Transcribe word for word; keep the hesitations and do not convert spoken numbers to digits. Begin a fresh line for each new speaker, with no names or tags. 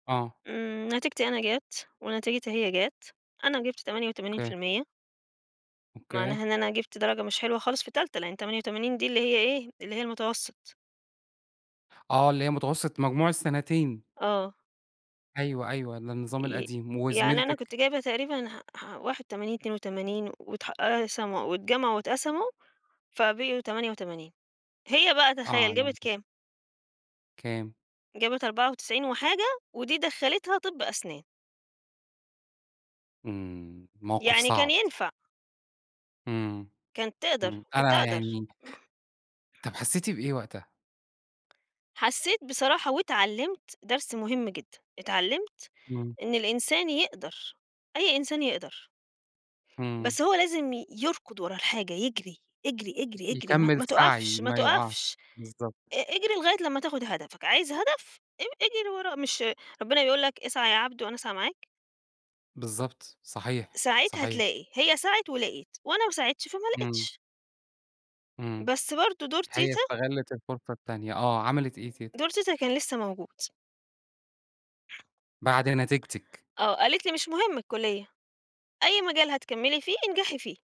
آه.
إمم، نتيجتي أنا جَت، ونتيجتها هي جَت، أنا جِبت تمانية وتمانين
أوكي.
في المِيَّة.
أوكي.
معناها إن أنا جِبت درجة مش حلوة خالص في تالتة لإن تمانية وتمانين دي اللي هي إيه؟ اللي هي المتوسط.
آه، اللي هي متوسط مجموع السنتين.
آه.
أيوه، أيوه ده النظام
ي
القديم،
يعني أنا
وزميلتِك؟
كنت جايبة تقريبًا ح ح واحد وتمانين اتنين وتمانين واتح قسموا، أو اتجمعوا واتقسموا فبقيوا تمانية وتمانين هي بقى
آه،
تخيّل
يعني.
جابت كام؟
كام؟
جابت أربعة وتسعين وحاجة، ودي دخّلتها طِبّ أسنان.
إمم، موقف
يعني كان
صعب.
ينفع.
امم،
كانت تقدر،
امم،
كنت
أيوه
أقدر.
يعني طَب حسيتِ بإيه وقتها؟
حسيت بصراحة واتعلِّمت درس مهم جدًا، اتعلِّمت
إمم.
إن الإنسان يقدر، أي إنسان يقدر.
إمم.
بس هو لازم يركض ورا الحاجة، يجري اجري، اجري، اجري ما
يكمِّل
ما
سعي
تقفش ما
ما يُقع
تقفش،
بالضبط.
ا اجري لغاية لمّا تاخد هدفك، عايز هدف؟ اج اجري وراه، مش ربنا بيقول لك اسعى يا عبد وأنا أسعى معاك؟
بالضبط، صحيح،
سعيت
صحيح.
هتلاقي، هي سعِت ولقيِت، وأنا ما سعيتش فما
إمم.
لقيتش.
إمم.
بس برضه دور
هي
تيتة
استغلِّت الفرصة التانية، آه، عملِت إيه تيتة؟
دور تيتة كان لسه موجود.
بعد نتيجتِك.
آه، قالت لي مش مهم الكلية، أي مجال هتكمِّلي فيه انجحي فيه.